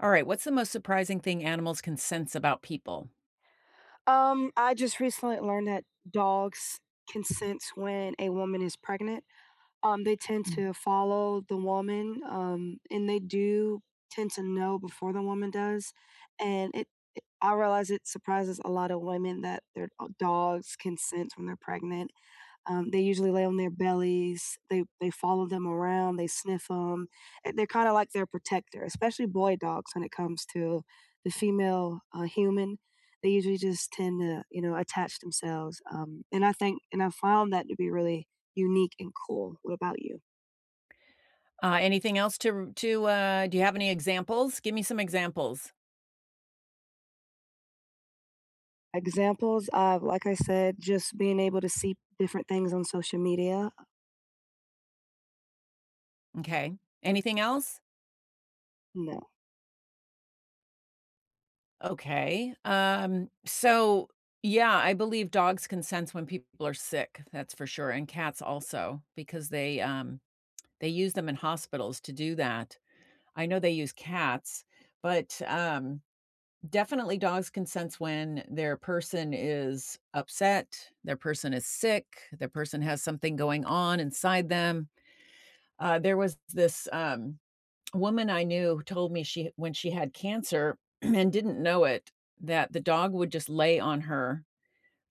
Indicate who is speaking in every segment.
Speaker 1: Alright. What's the most surprising thing animals can sense about people?
Speaker 2: Um, I just recently learned that dogs can sense when a woman is pregnant. Um, they tend
Speaker 1: Mm.
Speaker 2: to follow the woman, um, and they do tend to know before the woman does and it i I realize it surprises a lotta women that their, uh, dogs can sense when they're pregnant. Um, they usually lay on their bellies. They they follow them around, they sniff 'em. Eh they're kinda like their protector, especially boy dogs when it comes to the female, uh, human. They usually just tend to, you know, attach themselves, um, and I think and I found that to be really unique and cool. What about you?
Speaker 1: Uh, anything else to r to uh do you have any examples? Gimme some examples.
Speaker 2: Examples of like I said, just being able to see different things on social media.
Speaker 1: M'kay. Anything else?
Speaker 2: No.
Speaker 1: Okay, um, so, yeah, I believe dogs can sense when people are sick that's for sure, and cats also because they, um, they use them in hospitals to do that. I know they use cats, but, um, definitely dogs can sense when their person is upset, their person is sick, their person has something going on inside them, uh, there was this, um, woman I knew who told me she when she had cancer and didn't know it, that the dog would just lay on her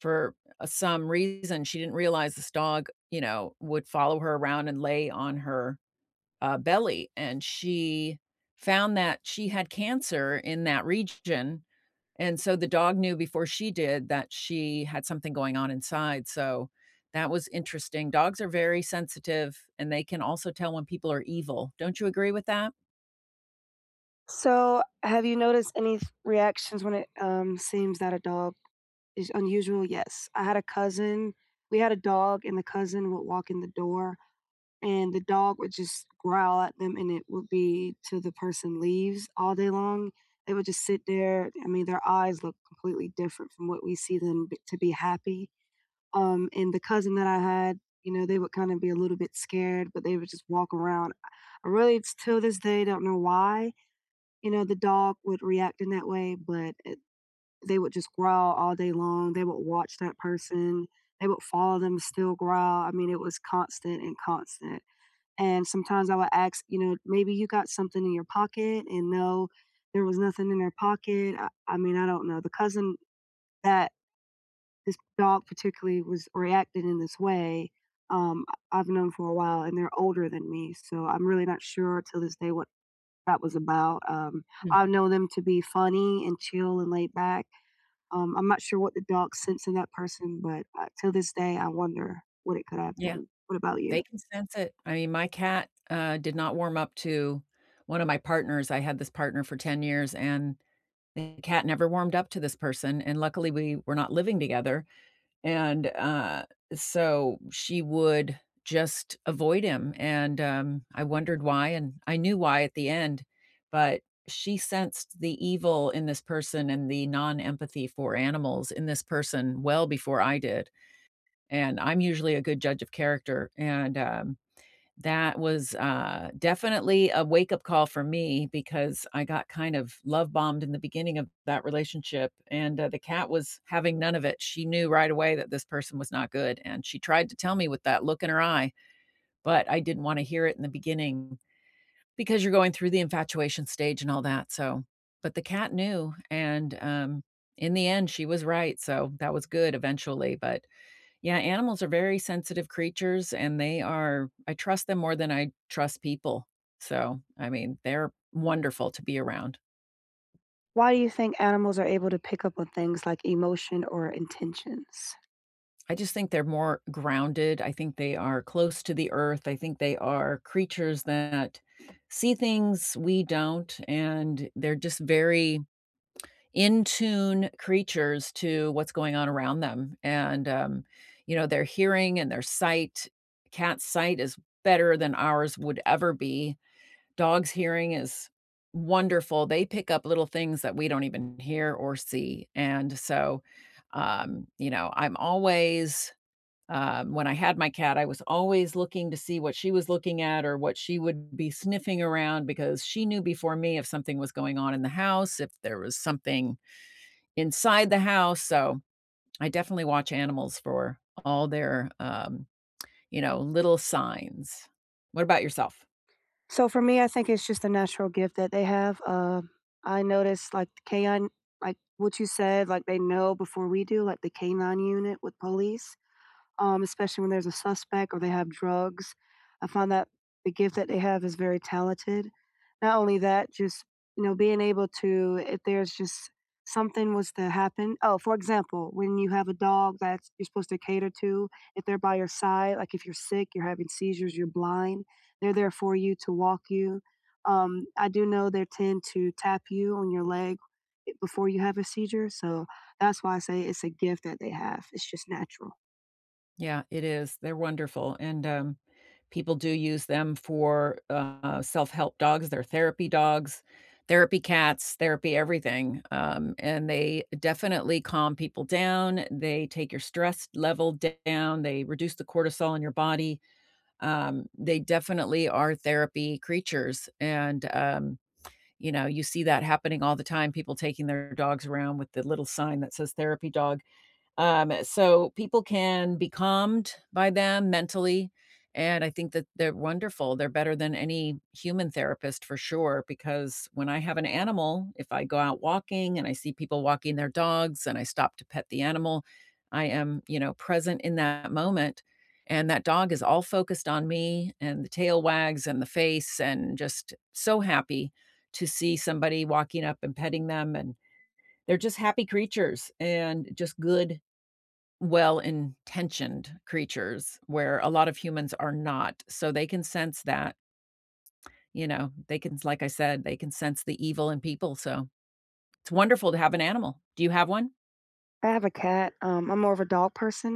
Speaker 1: for, uh, some reason she didn't realize this dog, you know, would follow her around and lay on her, uh, belly, and she found that she had cancer in that region, and so the dog knew before she did that she had something going on inside so that was interesting. Dogs are very sensitive, and they can also tell when people are evil. Don't you agree with that?
Speaker 2: So have you noticed any th reactions when it, um, seems that a dog is unusual? Yes, I had a cousin we had a dog, and the cousin would walk in the door, and the dog would just growl at them, and it would be till the person leaves all day long. They would just sit there I mean, their eyes look completely different from what we see them b to be happy, um, and the cousin that I had, you know, they would kinda be a little bit scared, but they would just walk around. Really, it's till this day, I don't know why, you know, the dog would react in that way, but it, they would just growl all day long, they would watch that person, they would follow them, still growl, I mean, it was constant and constant and sometimes I would ask, you know, "Maybe you got something in your pocket" and, no, there was nothing in their pocket, uh, I mean, I don't know the cousin that this dog particularly was reacting in this way, um, I I've known for a while, and they're older than me so I'm really not sure till this day what that was about, um,
Speaker 1: Hmm.
Speaker 2: I know them to be funny and chill and laid back, um, I'm not sure what the dog sense in that person, but, uh, till this day, I wonder what it could have
Speaker 1: Yeah,
Speaker 2: been. What about you?
Speaker 1: they can sense it. I mean my cat, uh, did not warm up to one of my partners I had this partner for 10 years, and the cat never warmed up to this person, and luckily, we were not living together, and, uh, so she would just avoid him, and, um, I wondered why, and I knew why at the end, but she sensed the evil in this person and the non-empathy for animals in this person well before I did, and I'm usually a good judge of character, and, um, that was, uh, definitely a wakeup call for me because I got kind of love bombed in the beginning of that relationship, and, uh, the cat was having none of it, she knew right away that this person was not good, and she tried to tell me with that look in her eye, but I didn't wanna hear it in the beginning because you're going through the infatuation stage and all that so, but, the cat knew, and, um, in the end, she was right, so that was good eventually but, yeah, animals are very sensitive creatures, and they are I trust them more than I trust people. So, I mean, they're wonderful to be around.
Speaker 2: Why do you think animals are able to pick up on things like emotion or intentions?
Speaker 1: I just think they're more grounded, I think they are close to the Earth, I think they are creatures that see things we don't, and they're just very in tune creatures to what's going on around them; and, um, you know, their hearing and their sight cat's sight is better than ours would ever be, dog's hearing is wonderful. They pick up little things that we don't even hear or see, and so, um, you know, I'm always um, when I had my cat, I was always looking to see what she was looking at or what she would be sniffing around because she knew before me if something was going on in the house, if there was something inside the house, so, I definitely watch animals for all their, um, you know, little signs. What about yourself?
Speaker 2: So, for me, I think it's just a natural gift that they have, uh, I noticed, like, the K-9 like, what you said, like, they know before we do, like, the K-9 Unit with police, um, especially when there's a suspect or they have drugs, I found that the gift that they have is very talented. Not only that, just, you know, being able to if there's just something was to happen oh, for example, when you have a dog that's you're supposed to cater to, if they're by your side, like, if you're sick, you're having seizures, you're blind, they're there for you to walk you, um, I do know their tend to tap you on your leg i before you have a seizure, so, that's why I say it's a gift that they have. It's just natural.
Speaker 1: Yeah. It is. They're wonderful, and, um, people do use them for, uh, self-help dogs. They're therapy dogs, therapy cats, therapy everything. Um, and they definitely calm people down, they take your stress level down, they reduce the cortisol in your body, um, they definitely are therapy creatures and, um, you know, you see that happening all the time, people taking their dogs around with the little sign that says "therapy dog." Um, so people can be calmed by them mentally, and I think that they're wonderful. They're better than any human therapist for sure because when I have an animal, if I go out walking and I see people walking their dogs and I stop to pet the animal, I am, you know, present in that moment and that dog is all focused on me and the tail wags and the face and just so happy to see somebody walking up and petting them and they're just happy creatures and just good, well-intentioned creatures where a lot of humans are not. So, they can sense that you know, they can s like I said, they can sense the evil in people, so it's wonderful to have an animal. Do you have one?
Speaker 2: I have a cat, um, I’m more of a dog person,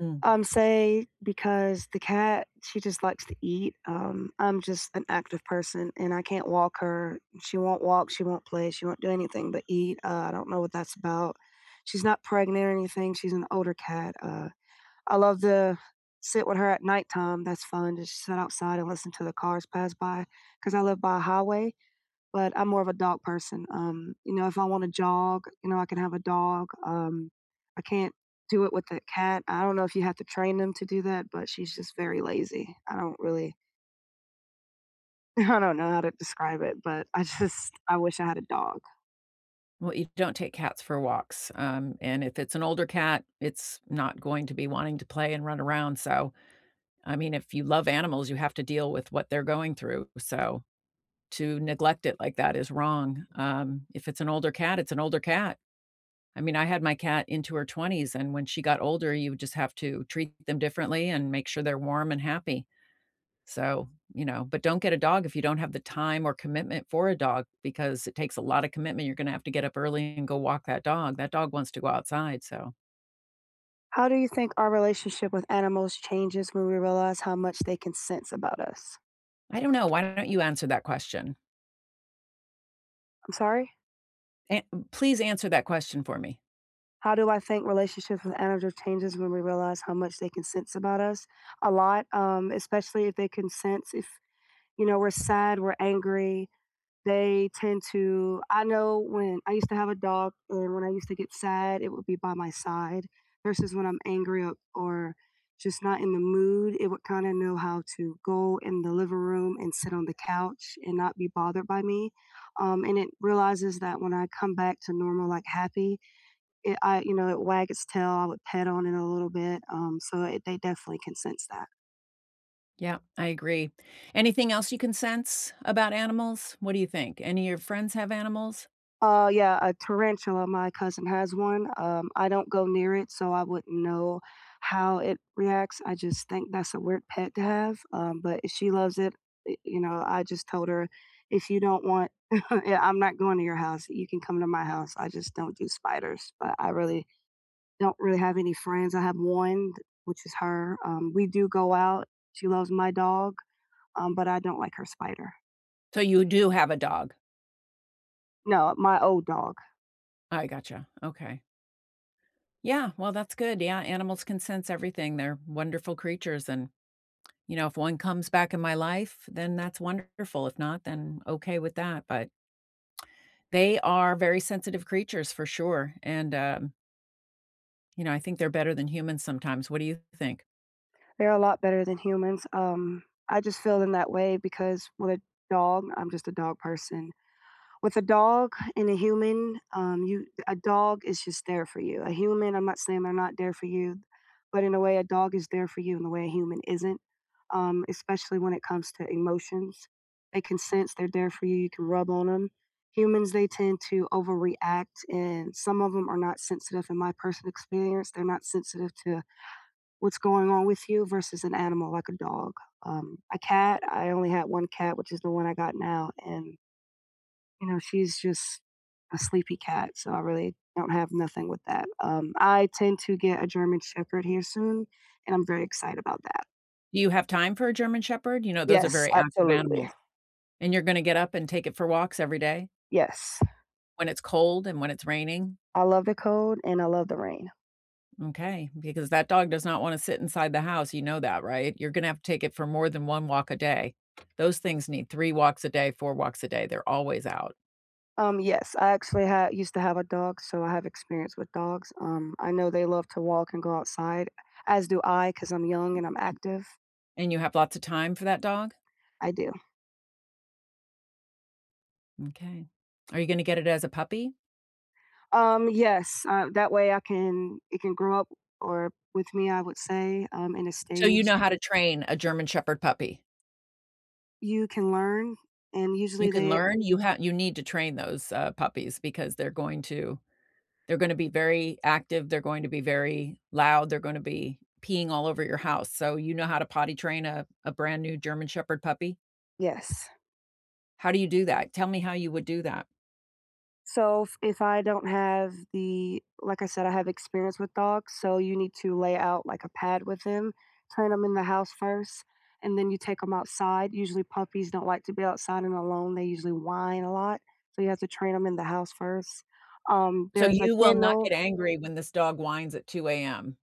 Speaker 1: Mm.
Speaker 2: um, say, because the cat, she just likes to eat, um, I’m just an active person, and I can’t walk her, she won’t walk, she won’t play, she won’t do anything but eat, uh, I don’t know what that’s about, she’s not pregnant or anything, she’s an older cat, uh, I love to sit with her at nighttime, that’s fun, just sit outside and listen to the cars pass by, cause I live by a highway, but I’m more of a dog person, um, you know, if I wanna jog, you know, I could have a dog, um, I can’t do it with a cat. I don’t know if you have to train them to do that, but she’s just very lazy, I don’t really I don’t know how to describe it, but I just I wish I had a dog.
Speaker 1: Well, you don’t take cats for walks, um, and if it’s an older cat, it’s not going to be wanting to play and run around. So, I mean, if you love animals, you have to deal with what they’re going through, so, to neglect it like that is wrong, um, if it’s an older cat, it’s an older cat. I mean, I had my cat into her 20s, and when she got older, you would just have to treat them differently and make sure they’re warm and happy. So, you know, but don’t get a dog if you don’t have the time or commitment for a dog because it takes a lotta commitment, you’re gonna have to get up early and go walk that dog, that dog wants to go outside, so
Speaker 2: How do you think our relationship with animals changes when we realize how much they can sense about us?
Speaker 1: I don't know, why don't you answer that question?
Speaker 2: I'm sorry?
Speaker 1: An m please answer that question for me.
Speaker 2: How do I think relationships with animals changes when we realize how much they can sense about us? A lot, um, especially if they can sense if, you know, we're sad, we're angry. They tend to I know when I used to have a dog, and when I used to get sad, it would be by my side, versus when I'm angry o or, just not in the mood it would, kinda know how to go in the living room and sit on the couch, and not be bothered by me, um, and it realizes that when I come back to normal like, happy, it I you know, it wag its tail, I would pet on it a little bit, um, so they they definitely can sense that.
Speaker 1: Yeah, I agree, anything else you can sense about animals? What do you think? Any of your friends have animals?
Speaker 2: Uh, yeah, a tarantula, my cousin has one, um, I don't go near it, so I wouldn't know how it reacts I just think that's a weird pet to have, um, but if she loves it, eh you know, I just told her, "If you don't want yeah, I'm not going to your house, you can come to my house." I just don't do spiders, but I really don't really have any friends, I have 1 t which is her, um, we do go out, she loves my dog, um, but I don't like her spider.
Speaker 1: So you do have a dog?
Speaker 2: No, my old dog.
Speaker 1: I gotcha, okay. Yeah, well, that's good, yeah, animals can sense everything they're wonderful creatures and, you know, if 1 comes back in my life, then that's wonderful, if not, then okay with that but they are very sensitive creatures for sure and, um you know, I think they're better than humans sometimes, what do you think?
Speaker 2: They're a lot better than humans, um, I just feel in that way because with a dog- I'm just a dog person- with a dog and a human, um, you a dog is just there for you, a human, I'm not saying they're not there for you, but in a way a dog is there for you in a way a human isn't, um, especially when it comes to emotions. They can sense they're there for you; you can rub on 'em, humans, they tend to overreact, and some of 'em are not sensitive in my person experience, they're not sensitive to what's going on with you versus an animal like a dog, um, a cat I only had 1 cat, which is the one I got now, and you know, she's just a sleepy cat, so I really don't have nothing with that, um, I tend to get a German shepherd here soon, and I'm very excited about that.
Speaker 1: You have time for a German shepherd? You know, those are
Speaker 2: Yes,
Speaker 1: very active
Speaker 2: absolutely.
Speaker 1: animals. And you're gonna get up and take it for walks every day?
Speaker 2: Yes.
Speaker 1: When it's cold and when it's raining?
Speaker 2: I love the cold, and I love the rain.
Speaker 1: M'kay, because that dog does not wanna sit inside the house, you know that, right? You're gonna have to take it for more than 1 walk a day. Those things need 3 walks a day, 4 walks a day, they're always out.
Speaker 2: Um, yes, I actually ha used to have a dog, so I have experience with dogs, um, I know they love to walk and go outside, as do I, 'cause I'm young and I'm active.
Speaker 1: And you have lots of time for that dog?
Speaker 2: I do.
Speaker 1: M'kay, are you gonna get it as a puppy?
Speaker 2: Um, yes, uh, that way I can it can grow up or, with me, I would say, um, in a
Speaker 1: So, you
Speaker 2: staged
Speaker 1: know how to train a German Shepherd puppy?
Speaker 2: You can learn, and
Speaker 1: You
Speaker 2: usually
Speaker 1: can
Speaker 2: they
Speaker 1: learn? You ha you need to train those, uh, puppies because they're going to they're gonna be very active, they're going to be very loud, they're gonna be peeing all over your house, so you know how to potty train a a brand new German Shepherd puppy?
Speaker 2: Yes.
Speaker 1: How do you do that? Tell me how you would do that.
Speaker 2: So, if if I don't have the like I said, I have experience with dogs, so you need to lay out, like, a pad with him, train him in the house first, and then you take 'em outside, usually, puppies don't like to be outside and alone they usually whine a lot, so you have to train 'em in the house first um,
Speaker 1: So
Speaker 2: there's a
Speaker 1: you will not
Speaker 2: kennel
Speaker 1: get angry when this dog whines at 2:00 AM.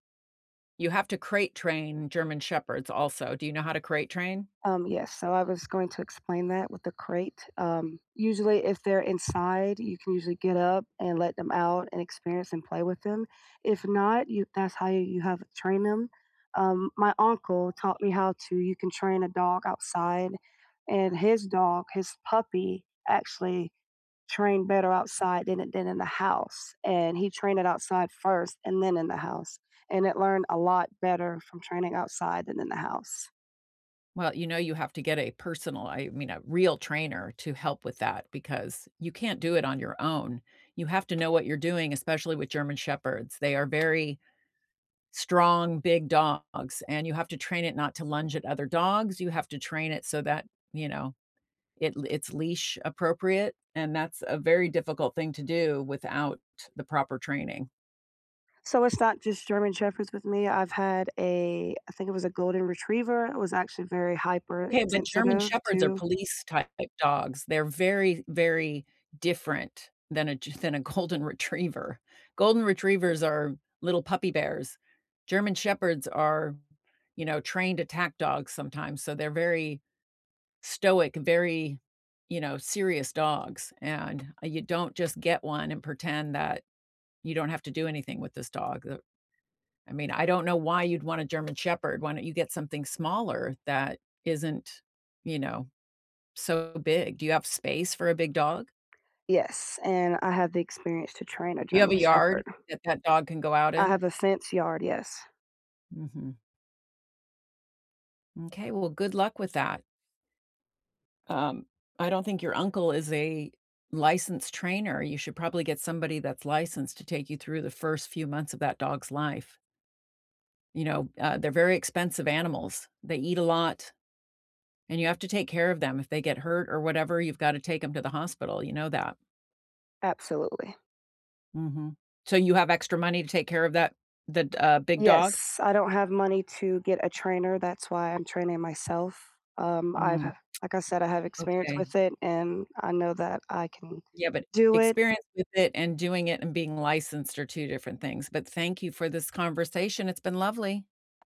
Speaker 1: You have to crate train German shepherds also. Do you know how to crate train?
Speaker 2: Um, yes, so I was going to explain that with the crate, um, usually, if they're inside, you can usually get up and let them out and experience and play with them. If not, you that's how you have train them, um, my uncle taught me how to, you can train a dog outside, and his dog, his puppy, actually trained better outside than it did in the house, and he trained it outside first and then in the house, and it learned a lot better from training outside than in the house.
Speaker 1: Well, you know, you have to get a personal I mean, a real trainer to help with that because you can't do it on your own. You have to know what you're doing, especially with German shepherds. They are very strong, big dogs, and you have to train it not to lunge at other dogs, you have to train it so that, you know, it it's leash appropriate, and that's a very difficult thing to do without the proper training.
Speaker 2: So, it's not just German Shepherds with me. I've had a I think it was a golden retriever. It was actually very
Speaker 1: Okay, but German
Speaker 2: hypersensitive
Speaker 1: Shepherds are
Speaker 2: too.
Speaker 1: police type d dogs. They're very, very different than a Ge than a Golden Retriever. Golden Retrievers are little puppy bears. German Shepherds are, you know, trained attack dogs sometimes, so they're very stoic, very, you know, serious dogs, and, ah, you don't just get one and pretend that you don't have to do anything with this dog. Th I mean, I don't know why you'd want a German Shepherd. Why don't you get something smaller that isn't, you know, so big? Do you have space for a big dog?
Speaker 2: Yes, and I have the experience to train a
Speaker 1: You have
Speaker 2: German
Speaker 1: a yard
Speaker 2: Shepherd.
Speaker 1: that that dog can go out
Speaker 2: I
Speaker 1: in?
Speaker 2: have a fence yard, yes.
Speaker 1: Mhm. M'kay. Well, good luck with that. Um, I don't think your uncle is a licensed trainer. You should probably get somebody that's licensed to take you through the first few months of that dog's life. You know, uh, they're very expensive animals. They eat a lot, and you have to take care of them. If they get hurt or whatever, you've gotta take 'em to the hospital, you know that?
Speaker 2: Absolutely.
Speaker 1: Mhm. So you have extra money to take care of that, the d uh, big dog?
Speaker 2: Yes, I don't have money to get a trainer, that's why I'm training myself, um, I've
Speaker 1: Mm,
Speaker 2: h like I said, I have experience
Speaker 1: okay.
Speaker 2: with it, and I know that I can
Speaker 1: Yeah, but
Speaker 2: do it.
Speaker 1: experience with it and doing it and being licensed are 2 different things, but thank you for this conversation, it's been lovely.